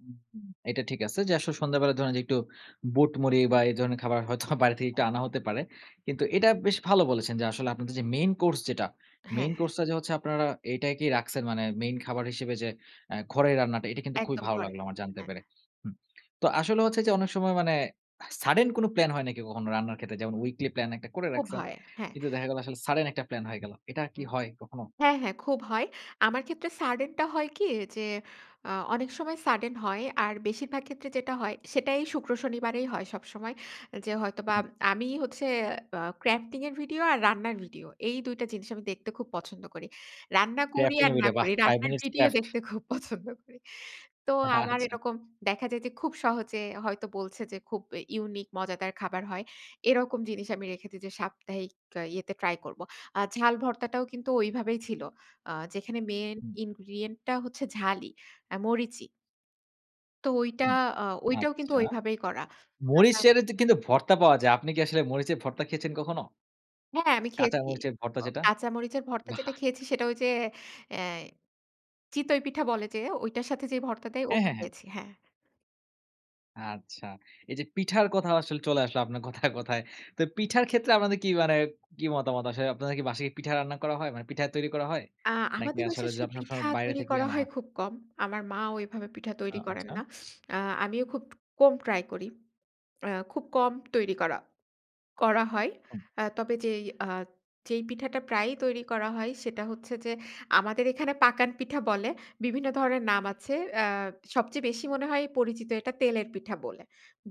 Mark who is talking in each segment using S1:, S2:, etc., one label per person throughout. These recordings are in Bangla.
S1: হু, হুম। এটা ঠিক আছে। যে আসলে সন্ধ্যাবেলা ধরেন যে, একটু বুট মুড়ি বা এই ধরনের খাবার হয়তোবা বাইরে থেকে একটু
S2: হ্যাঁ।
S1: আনা হতে পারে। কিন্তু এটা বেশ ভালো বলেছেন যে, আসলে আপনাদের যে মেইন কোর্স যেটা,
S2: হ্যাঁ,
S1: মেইন
S2: হ্যাঁ।
S1: কোর্স টা যে হচ্ছে, আপনারা এটাই কি রাখছেন, মানে মেইন খাবার হিসেবে যে এ্যা ঘরের রান্নাটা, এটা কিন্তু খুবই
S2: একদম
S1: ভালো
S2: ঘরে।
S1: লাগলো আমার জানতে
S2: হ্যাঁ।
S1: পেরে। হুম। তো আসলে হচ্ছে যে, অনেক সময় মানে, সাডেন কোন প্ল্যান হয় নাকি, কখনো রান্নার ক্ষেত্রে, যেমন উইকলি প্ল্যান ১ টা করে
S2: খুব
S1: রাখছেন।
S2: হয়, হ্যাঁ।
S1: কিন্তু দেখা গেল, আসলে সাডেন একটা প্লান হয়ে গেল। এটা কি
S2: হুম।
S1: হয়, কখনো?
S2: হ্যাঁ, হ্যাঁ, খুব হয়। আমার ক্ষেত্রে সাডেন টা হয় কি, যে আ অনেক সময় সাডেন হয়, আর বেশিরভাগ ক্ষেত্রে যেটা হয় সেটাই শুক্র শনিবারেই হয় সবসময় যে, হয়তোবা
S1: হুম।
S2: আমি হচ্ছে আ ক্রাফটিং এর ভিডিও, আর রান্নার ভিডিও, এই ২ টা জিনিস আমি দেখতে খুব পছন্দ করি। রান্না করি
S1: ক্রাফটিং
S2: আর,
S1: এর
S2: না
S1: ভিডিও। বাহ!
S2: করি।
S1: ৫
S2: রান্নার
S1: মিনিটস
S2: ভিডিও
S1: ক্রাফট।
S2: দেখতে খুব পছন্দ করি। তো, আমার
S1: আচ্ছা।
S2: এরকম দেখা যায় যে, খুব সহজে হয়তো বলছে যে, খুব ইউনিক মজাদার খাবার হয়। এরকম জিনিস আমি রেখে দেই যে, সাপ্তাহিক ইয়েতে ট্রাই করব। আ ঝাল ভর্তাটাও কিন্তু ওইভাবেই ছিল। আ যেখানে মেইন
S1: হুম।
S2: ইনগ্রিডিয়েন্ট টা হচ্ছে ঝালই, আ মরিচই তো ঐটা,
S1: হুম,
S2: আ ঐটাও কিন্তু
S1: আচ্ছা।
S2: ওইভাবেই করা।
S1: মরিচ
S2: তাছাড়া
S1: শেয়ারে তে কিন্তু ভর্তা পাওয়া যায়, আপনি কি আসলে মরিচের ভর্তা খেয়েছেন কখনো?
S2: হ্যাঁ, আমি
S1: কাঁচা
S2: খেয়েছি।
S1: মরিচের ভর্তা যেটা?
S2: কাঁচা মরিচের ভর্তা
S1: বাহ!
S2: যেটা খেয়েছি, সেটা ওই যে আ চিতই পিঠা বলে যে, ঐটার সাথে যে ভর্তা দেয়,
S1: হ্যাঁ,
S2: ওটা
S1: হ্যাঁ, হ্যাঁ।
S2: খেয়েছি। হ্যাঁ।
S1: আচ্ছা, এই যে পিঠার কথা আসলে চলে আসলো, আপনার কথায়, কথায়। তো, পিঠার ক্ষেত্রে আপনাদের কি মানে, কি মতামত আসলে আপনাদের কি বাসায় পিঠা রান্না করা হয়? মানে, পিঠা তৈরি করা হয়?
S2: আ
S1: নাকি
S2: আমাদের
S1: আসলে,
S2: বাসায় আসলে
S1: সবসময়
S2: পিঠা
S1: বাইরে
S2: তৈরি
S1: থেকেই
S2: করা
S1: আনা
S2: হয়,
S1: হয়?
S2: খুব কম। আমার মা ঐভাবে পিঠা
S1: আ
S2: তৈরি করেন
S1: আচ্ছা।
S2: না। আ আমিও খুব কম ট্রাই করি। আ খুব কম তৈরি করা, করা হয়।
S1: হুম।
S2: আ তবে যেই আ যেই পিঠাটা প্রায়ই তৈরি করা হয়, সেটা হচ্ছে যে, আমাদের এখানে পাকান পিঠা বলে, বিভিন্ন ধরনের নাম আছে। আ সবচেয়ে বেশি মনে হয় পরিচিত এটা, তেলের পিঠা বলে।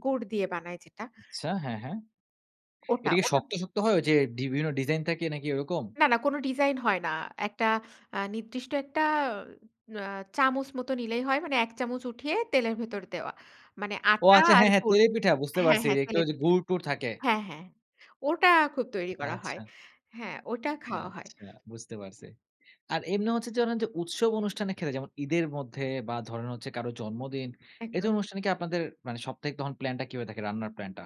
S2: গুড় দিয়ে বানায় যেটা।
S1: আচ্ছা। হ্যাঁ, হ্যাঁ।
S2: ওটা,
S1: এটা কি
S2: ওটা
S1: শক্ত,
S2: না।
S1: শক্ত, হয়, ওই যে, বিভিন্ন ডিজাইন থাকে, নাকি এরকম?
S2: না, না, কোনো ডিজাইন হয় না। একটা আ নির্দিষ্ট একটা আ চামচ মতো নিলেই হয়। মানে ১ চামুচ উঠিয়ে, তেলের ভেতরে দেওয়া। মানে,
S1: ও
S2: আটা
S1: আচ্ছা!
S2: আর
S1: হ্যাঁ, হ্যাঁ,
S2: গুড়
S1: তেলের পিঠা, বুঝতে
S2: হ্যাঁ,
S1: পারছি,
S2: হ্যাঁ
S1: যে একটু
S2: তেলের
S1: যে
S2: পিঠা
S1: গুড়-টুর থাকে।
S2: হ্যাঁ, হ্যাঁ। ওটা খুব তৈরী করা হয়।
S1: আচ্ছা।
S2: হ্যাঁ, ওটা খাওয়া হয়।
S1: আচ্ছা, বুঝতে পারছি। আর, এমনি হচ্ছে যে ধরেন যে, উৎসব অনুষ্ঠানের ক্ষেত্রে যেমন, ঈদের মধ্যে বা ধরেন হচ্ছে কারো জন্মদিন, এ
S2: একদম।
S1: ধরণের অনুষ্ঠানে কি আপনাদের, মানে সবটাই তখন প্লান টা কিভাবে থাকে, রান্নার প্ল্যান টা?